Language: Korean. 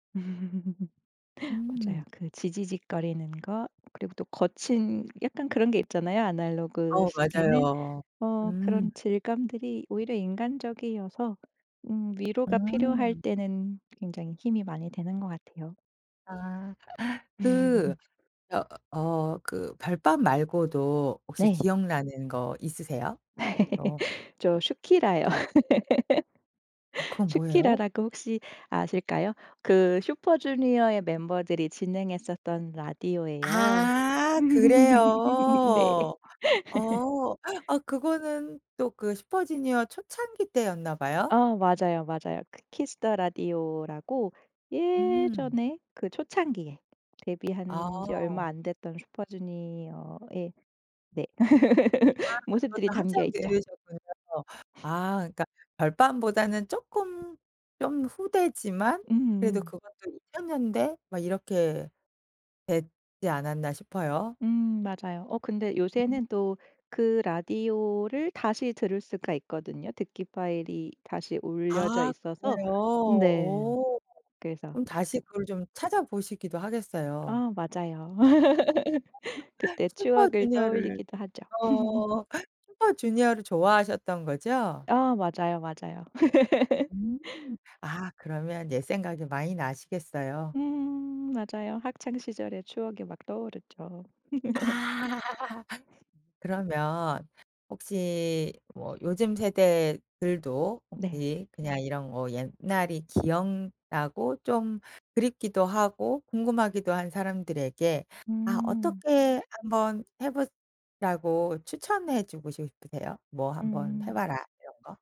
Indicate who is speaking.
Speaker 1: 음. 맞아요.
Speaker 2: 음.
Speaker 1: 그 지지직거리는 것 그리고 또 거친 약간 그런 게 있잖아요 아날로그
Speaker 2: 아오
Speaker 1: 시계는?
Speaker 2: 맞아요.
Speaker 1: 어.
Speaker 2: 음.
Speaker 1: 그런 질감들이 오히려 인간적이어서 음 위로가 필요할
Speaker 2: 음.
Speaker 1: 때는 굉장히 힘이 많이 되는 것 같아요.
Speaker 2: 아. 그 어 어 그 별밤 말고도 혹시
Speaker 1: 네.
Speaker 2: 기억나는 것 있으세요? 어.
Speaker 1: 저 슈키라요.
Speaker 2: 아 그건 뭐예요?
Speaker 1: 슈키라라고 혹시 아실까요? 그 슈퍼주니어의 멤버들이 진행했었던 라디오예요.
Speaker 2: 아. 그래요.
Speaker 1: 네.
Speaker 2: 어. 아 그거는 또 그 슈퍼주니어 초창기 때였나 봐요?
Speaker 1: 아우 맞아요, 맞아요. 그 키스 더 라디오라고
Speaker 2: 음.
Speaker 1: 예전에 그 초창기에 데뷔한 지 얼마
Speaker 2: 아.
Speaker 1: 안 됐던 슈퍼주니어의 네.
Speaker 2: 아. 그것도
Speaker 1: 모습들이 담겨
Speaker 2: 한참
Speaker 1: 있죠.
Speaker 2: 들으셨군요. 아 그러니까 별밤 보다는 쪼끔 좀 후대지만 그래도
Speaker 1: 음음.
Speaker 2: 그것도 2000 년대? 막 이렇게 되지 않았나 싶어요.
Speaker 1: 음 맞아요. 어 근데 요새는 또 그 라디오를 다시 들을 수가 있거든요. 듣기파일이 다시 올려져
Speaker 2: 아
Speaker 1: 있어서.
Speaker 2: 그래요?
Speaker 1: 음 네
Speaker 2: 오.
Speaker 1: 그래서
Speaker 2: 그럼 다시
Speaker 1: 가끔
Speaker 2: 그걸 좀 찾아보시기도 하겠어요.
Speaker 1: 아 맞아요. 그때 추억을
Speaker 2: 슈퍼주니어를
Speaker 1: 떠올리기도 하죠.
Speaker 2: 어. 슈퍼주니어를 좋아하셨던 거죠?
Speaker 1: 아 맞아요, 맞아요.
Speaker 2: 음. 아 그러면 옛 생각이 많이 나시겠어요.
Speaker 1: 음 맞아요. 학창 시절의 추억이 막 떠오르죠.
Speaker 2: 아. 그러면 혹시 뭐 요즘 세대들도
Speaker 1: 네.
Speaker 2: 혹시 그냥 이런 뭐 옛날이 기억나고 좀 그립기도 하고 궁금하기도 한 사람들에게 아
Speaker 1: 음.
Speaker 2: 어떻게 한번 해 보라고 추천해 주고 싶으세요? 뭐 한번 해
Speaker 1: 음.
Speaker 2: 봐라 이런 거?